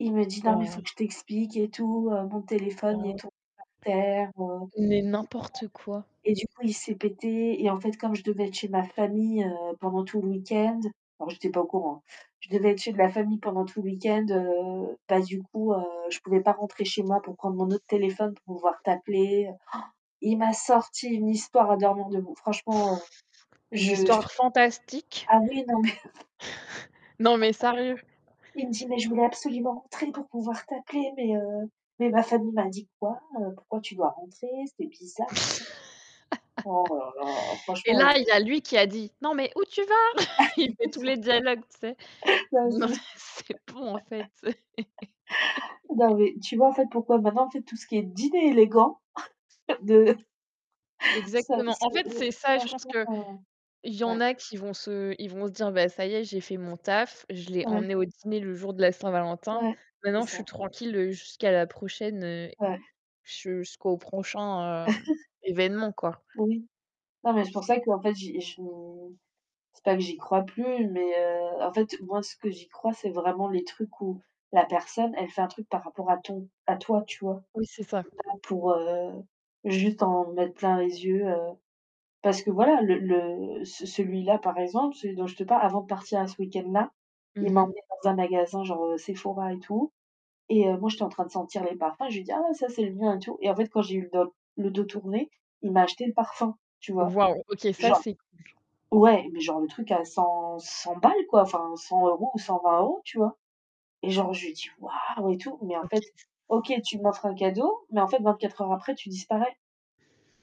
Il me dit: «Non, mais il faut Bah que je t'explique» et tout, heu, «mon Bah téléphone, il ouais. est tombé par terre, heu Mais n'importe quoi! et du coup, il s'est pété. Et en fait, comme je devais être chez ma famille, heu, pendant tout le week-end», alors j'étais pas au courant. «Je devais être chez de la famille pendant tout le week-end, heu, ben du coup, heu, je pouvais pas rentrer chez moi pour prendre mon autre téléphone pour pouvoir t'appeler». Il m'a sorti une histoire à dormir debout. Franchement, heu, Une je j histoire fantastique. ah oui non, mais Non, mais sérieux! Il me dit: «Mais je voulais absolument rentrer pour pouvoir t'appeler, mais, heu mais ma famille m'a dit quoi, pourquoi tu dois rentrer?» C'était bizarre. Oh là là, Et franchement là, les il y a lui qui a dit: «Non, mais où tu vas?» il fait tous les dialogues, tu sais. [unintelligible] Non, c'est bon en fait. Non mais, tu vois en fait pourquoi maintenant en fait, tout ce qui est dîner élégant de Ça Exactement. En c'est, fait, heu, c'est ça. Je pense franchement, que heu il y ouais. en a qui vont se ils vont se dire: «Beh ça y est, j'ai fait mon taf. Je l'ai Ouais. emmené au dîner le jour de la Saint-Valentin. Ouais, c'est Maintenant, je suis ça. tranquille jusqu'à la prochaine Ouais. jusqu'au prochain, hem, événement quoi». Oui. Non mais c'est pour ça qu'en fait, j'ai j c'est pas que j'y crois plus, mais, heu, en fait, moi ce que j'y crois, c'est vraiment les trucs où, la personne, elle fait un truc par rapport à ton à toi, tu vois. Oui, c'est ça. Pas pour, heu juste en mettre plein les yeux, heu parce que voilà le le ce celui-là par exemple, celui dont je te parle, avant de partir à ce week-end-là, Mmh il m'a mh. emmené dans un magasin genre, heu, Sephora et tout. Et, heu, moi j'étais en train de sentir les parfums, je lui dis: «Ah ouais! Ca c'est le mien» et tout. Et en fait, quand j'ai eu le doc le dos tourné, il m'a acheté le parfum, tu vois? Waouh! OK, ça, Genre c'est cool. ouais, mais genre le truc à cent cent balles, quoi! Enfin, 100€ ou 120€, tu vois? Et genre je lui dis: «Waouh!» et tout, mais en OK. fait OK, tu m'offres un cadeau, mais en fait 24 heures après, tu disparais.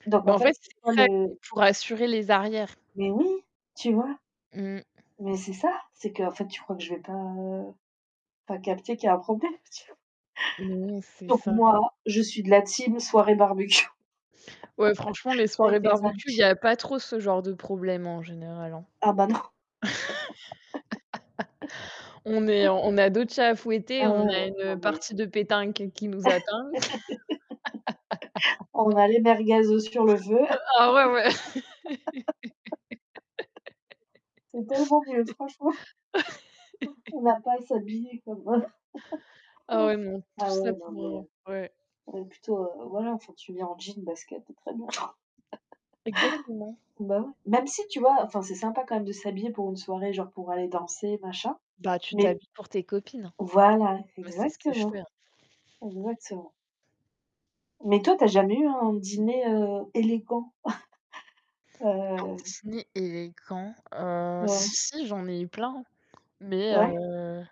Donc Beh en en fait, fait, c'est c'est quoi ça [unintelligible] le pour assurer les arrières. Mais oui! Tu vois? Mmh. Mais c'est ça. C'est qu'en fait, tu crois que je vais pas, heu pas capter qu'il y a un problème! Oui, c'est Donc ça. moi, je suis de la team soirée barbecue Ouais, franchement, mes avec soirées les amis. barbecue, il y a pas trop ce genre de problème en général, hein. Ah ben, non! On est on a d'autres chats à fouetter, Ah ouais, on a ouais! Non une mais partie de pétanque qui nous attend. On a les merguez sur le feu. Ah ouais, ouais! C'est tellement mieux, franchement. On va pas s'habiller comme, heu Ah ouais, non. Tout ah ouais, ça non pour, mais, heu heu ouais. ouais plutôt, heu, voilà enfin tu viens en jeans, baskets, c'est très bien. Exactement. Bah ouais! Même si, tu vois, enfin c'est sympa quand même de s'habiller pour une soirée, genre pour aller danser machin, Bah tu mais t'habilles pour tes copines, hein. voilà! Moi, c'est ce que je Exactement! fais, hein. Exactement. Mais toi, tu as jamais eu un dîner, heu, élégant? Un Heu dîner élégant et quand? Heu, Ouais. si si j'en ai eu plein. Mais Ouais. heu